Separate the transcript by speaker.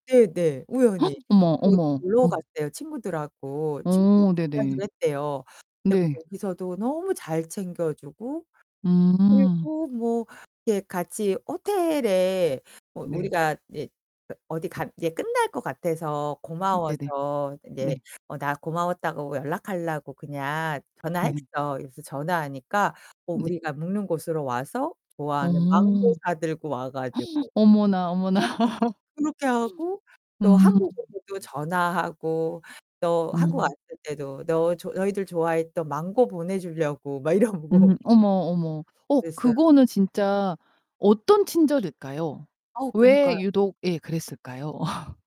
Speaker 1: 네네 우연히.
Speaker 2: 어머
Speaker 1: 그래서 어디
Speaker 2: 어머
Speaker 1: 놀러
Speaker 2: 어.
Speaker 1: 갔대요 친구들하고. 친구를
Speaker 2: 어 네네.
Speaker 1: 만나기로 했대요. 근데
Speaker 2: 네.
Speaker 1: 거기서도 너무 잘 챙겨 주고
Speaker 2: 음.
Speaker 1: 그리고 뭐 예 같이 호텔에 뭐
Speaker 2: 네.
Speaker 1: 우리가 이제 어디 가 이제 끝날 것 같아서
Speaker 2: 음 네네.
Speaker 1: 고마워서
Speaker 2: 네.
Speaker 1: 이제 어 "나 고마웠다고 연락하려고 그냥
Speaker 2: 네.
Speaker 1: 전화했어." 그래서 전화하니까 어
Speaker 2: 네.
Speaker 1: 우리가 묵는 곳으로 와서
Speaker 2: 어.
Speaker 1: 좋아하는 망고 사들고 와 가지고.
Speaker 2: 어머나 어머나.
Speaker 1: 어 그렇게 하고 또
Speaker 2: 음.
Speaker 1: 한국으로도 전화하고 또 한국
Speaker 2: 음.
Speaker 1: 왔을 때도 "너 너희들 좋아했던 망고 보내 주려고." 막 이러고
Speaker 2: 음 어머 어머. 어
Speaker 1: 그랬어요.
Speaker 2: 그거는 진짜 어떤 친절일까요?
Speaker 1: 어우
Speaker 2: 왜
Speaker 1: 그니까요.
Speaker 2: 유독 예 그랬을까요?